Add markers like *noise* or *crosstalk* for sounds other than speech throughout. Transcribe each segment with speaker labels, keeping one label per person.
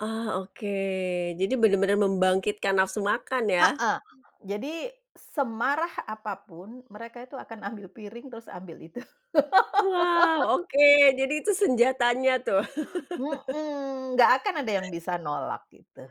Speaker 1: Ah, oke. Jadi, bener-bener membangkitkan nafsu makan, ya?
Speaker 2: Heeh. Jadi, semarah apapun, mereka itu akan ambil piring, terus ambil itu.
Speaker 1: Wow!
Speaker 2: *laughs*
Speaker 1: Oke. Jadi itu senjatanya, tuh.
Speaker 2: Mhm.
Speaker 1: *laughs*
Speaker 2: Enggak akan ada yang bisa nolak, gitu.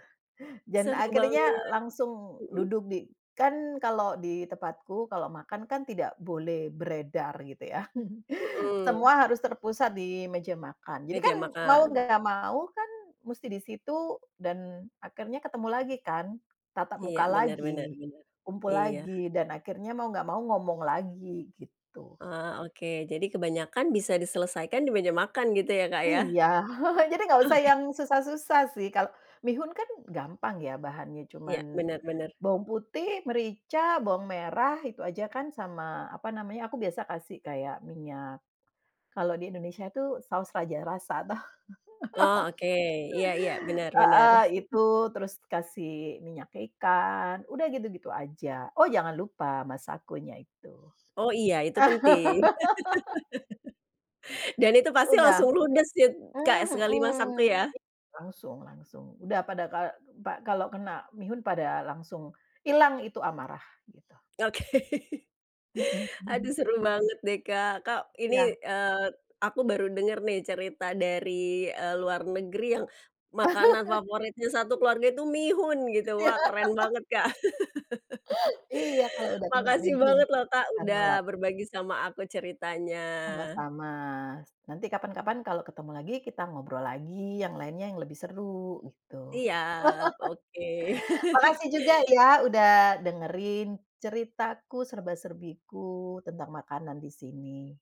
Speaker 2: Dan,
Speaker 1: Seru
Speaker 2: akhirnya
Speaker 1: banget.
Speaker 2: langsung
Speaker 1: Mhm.
Speaker 2: duduk di kan, kalau di tempatku, kalau makan kan tidak boleh beredar. Gitu ya, *chuckles*
Speaker 1: Heeh.
Speaker 2: semua harus terpusat di meja makan. Jadi
Speaker 1: Meja
Speaker 2: kan, mau
Speaker 1: makan.
Speaker 2: enggak mau kan, musti di situ, dan akhirnya ketemu lagi kan. Tatap
Speaker 1: Iya,
Speaker 2: muka
Speaker 1: bener bener
Speaker 2: lagi,
Speaker 1: bener,
Speaker 2: kumpul
Speaker 1: iya.
Speaker 2: lagi, dan akhirnya mau enggak mau ngomong lagi, gitu.
Speaker 1: Ah, oke. Jadi kebanyakan, bisa diselesaikan di meja makan, gitu ya Kak, ya.
Speaker 2: Iya. *chuckles* Jadi, enggak usah
Speaker 1: Oke.
Speaker 2: yang susah-susah sih. Kalo mihun kan, gampang ya, bahannya, cuma
Speaker 1: Iya. bener bener.
Speaker 2: bawang putih, merica, bawang merah, itu aja kan, sama, apa namanya, aku biasa kasih kayak minyak, kalau di Indonesia itu Saus Raja Rasa tuh.
Speaker 1: Oh,
Speaker 2: *laughs*
Speaker 1: oke. Iya iya. Benar benar.
Speaker 2: Heeh, itu.
Speaker 1: *chuckles*
Speaker 2: Terus dikasih minyak ikan. Udah gitu-gitu aja. Oh! jangan lupa, Masako-nya itu.
Speaker 1: Oh iya, itu penting.
Speaker 2: *laughs*
Speaker 1: *chuckles* Dan itu pasti
Speaker 2: Udah.
Speaker 1: langsung ludes, ya, Kak.
Speaker 2: Mmm,
Speaker 1: Sekali masak tuh,
Speaker 2: mhm
Speaker 1: ya?
Speaker 2: i langsung langsung. Udah pada ka pa kalau kena mihun, pada langsung ilang itu amarah, gitu.
Speaker 1: Oke.
Speaker 2: Heeh, hmm.
Speaker 1: Aduh seru banget deh, Kak. Kak, ini
Speaker 2: Iya.
Speaker 1: eee, aku baru denger nih, cerita dari eee, luar negeri, yang makanan
Speaker 2: *laughs*
Speaker 1: favoritnya satu keluarga itu mihun, gitu.
Speaker 2: Ya.
Speaker 1: Wah! keren
Speaker 2: *laughs*
Speaker 1: banget, Kak. *laughs*
Speaker 2: Iya, kalau udah kena
Speaker 1: Makasih
Speaker 2: mihun.
Speaker 1: banget loh, Kak
Speaker 2: Andalan.
Speaker 1: udah berbagi sama aku, ceritanya.
Speaker 2: Sama-sama. Nanti kapan-kapan, kalau ketemu lagi, kita ngobrol lagi, yang lainnya, yang lebih seru, gitu.
Speaker 1: Iya. Oke.
Speaker 2: *laughs*
Speaker 1: *chuckles*
Speaker 2: Makasih juga, ya, udah dengerin, ceritaku, serba-serbiku, tentang makanan di sini.